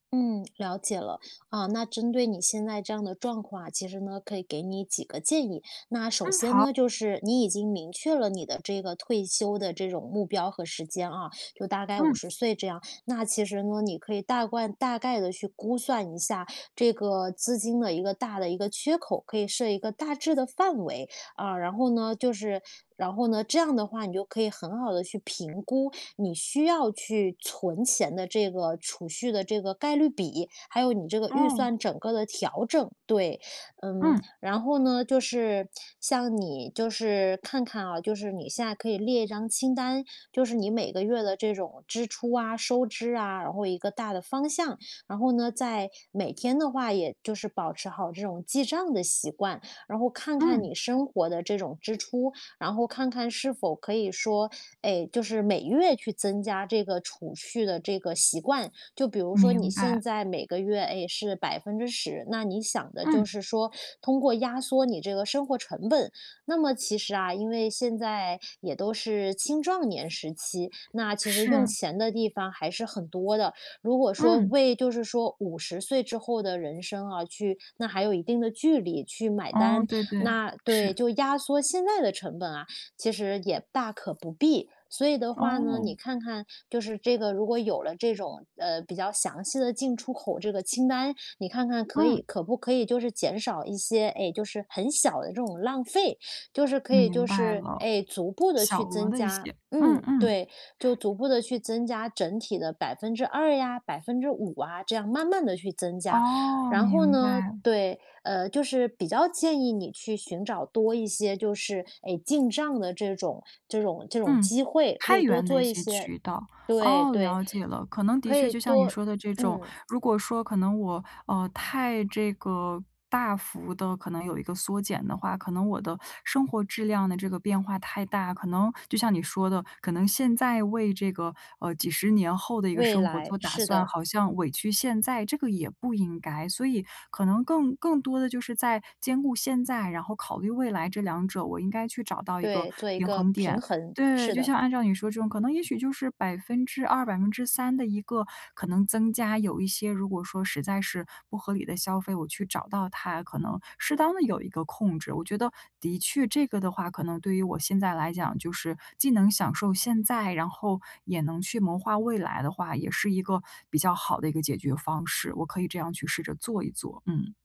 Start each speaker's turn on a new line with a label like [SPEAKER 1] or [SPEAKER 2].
[SPEAKER 1] 嗯，了解了。啊，那针对你现在这样的状况啊，其实呢，可以给你几个建议。那首
[SPEAKER 2] 嗯，
[SPEAKER 1] 先
[SPEAKER 2] 好。
[SPEAKER 1] 呢，就是，你已经明确了你的这个退休的这种目标和时间啊，就大概五
[SPEAKER 2] 嗯。
[SPEAKER 1] 十岁这样。那其实呢，你可以大惯大概地去估算一下这个资金的一个大的一个缺口，可以设一个大致的范围。啊，然后呢，就是然后呢，这样的话你就可以很好地去评估，你需要去存钱的这个储蓄的这个概率比，还有你这个预
[SPEAKER 2] 哦。
[SPEAKER 1] 算整个的调整，对。嗯，
[SPEAKER 2] 嗯。
[SPEAKER 1] 然后呢，就是像你就是，看看啊就是你现在可以列一张清单，就是你每个月的这种支出啊、收支啊，然后一个大的方向。然后呢，在每天的话也就是保持好这种记账的习惯，然后看看
[SPEAKER 2] 嗯。
[SPEAKER 1] 你生活的这种支出，然后看看是否可以说，哎，就是每月去增加这个储蓄的这个习惯。就比如说你
[SPEAKER 2] 明
[SPEAKER 1] 现
[SPEAKER 2] 白。
[SPEAKER 1] 在每个月，哎，是10%，那你想的就
[SPEAKER 2] 嗯。
[SPEAKER 1] 是说，通过压缩你这个生活成本。那么其实啊，因为现在也都是青壮年时期，那其实用
[SPEAKER 2] 是。
[SPEAKER 1] 钱的地方还是很多的。如果说
[SPEAKER 2] 嗯。
[SPEAKER 1] 为就是说50岁之后的人生啊去那还有一定的距离去买
[SPEAKER 2] 哦，
[SPEAKER 1] 单，
[SPEAKER 2] 对对，
[SPEAKER 1] 那对，
[SPEAKER 2] 是。
[SPEAKER 1] 就压缩现在的成本啊，其实也大可不必。所以的话呢，
[SPEAKER 2] 哦。
[SPEAKER 1] 你看看就是这个如果有了这种，呃，比较详细的进出口这个清单，你看看可以
[SPEAKER 2] 嗯。
[SPEAKER 1] 可不可以就是减少一些，哎，就是很小的这种浪费。就是可以
[SPEAKER 2] 明
[SPEAKER 1] 就
[SPEAKER 2] 白
[SPEAKER 1] 是，
[SPEAKER 2] 了，
[SPEAKER 1] 哎，逐步地去
[SPEAKER 2] 小额
[SPEAKER 1] 增
[SPEAKER 2] 的一
[SPEAKER 1] 加，
[SPEAKER 2] 些，嗯，
[SPEAKER 1] 嗯，
[SPEAKER 2] 嗯。
[SPEAKER 1] 对，就逐步地去增加整体的2%呀、5%啊，这样慢慢地去增加。
[SPEAKER 2] 哦，
[SPEAKER 1] 然后
[SPEAKER 2] 明
[SPEAKER 1] 呢
[SPEAKER 2] 白。
[SPEAKER 1] 对，呃，就是比较建议你去寻找多一些就是，诶，进账的这种这种这种
[SPEAKER 2] 嗯，
[SPEAKER 1] 机会，可
[SPEAKER 2] 太
[SPEAKER 1] 以多
[SPEAKER 2] 原的
[SPEAKER 1] 做
[SPEAKER 2] 一
[SPEAKER 1] 一
[SPEAKER 2] 些
[SPEAKER 1] 些
[SPEAKER 2] 渠道。
[SPEAKER 1] 对，
[SPEAKER 2] 哦，
[SPEAKER 1] 对。
[SPEAKER 2] 了解了。可能的
[SPEAKER 1] 可
[SPEAKER 2] 确
[SPEAKER 1] 以
[SPEAKER 2] 就像你
[SPEAKER 1] 多
[SPEAKER 2] 说的这种，
[SPEAKER 1] 嗯。
[SPEAKER 2] 如果说可能我呃，太这个，大幅地可能有一个缩减的话，可能我的生活质量的这个变化太大，可能就像你说的，可能现在为这个，呃，几10年后的一个
[SPEAKER 1] 未
[SPEAKER 2] 生活
[SPEAKER 1] 来，
[SPEAKER 2] 做打
[SPEAKER 1] 是
[SPEAKER 2] 算，
[SPEAKER 1] 的。
[SPEAKER 2] 好像委屈现在，这个也不应该。所以，可能更更多的就是在兼顾现在，然后考虑未来这两者我应该去找到一个
[SPEAKER 1] 对，做一
[SPEAKER 2] 平
[SPEAKER 1] 个
[SPEAKER 2] 衡点，
[SPEAKER 1] 平衡，
[SPEAKER 2] 对。
[SPEAKER 1] 是
[SPEAKER 2] 就
[SPEAKER 1] 的。
[SPEAKER 2] 像按照你说这种，可能也许就是2%、3%的一个可能增加有一些如果说实在是不合理的消费，我去找到它，可能适当地有一个控制。我觉得的确这个的话，可能对于我现在来讲就是，既能享受现在，然后也能去谋划未来的话也是一个比较好的一个解决方式，我可以这样去试着做一做，嗯。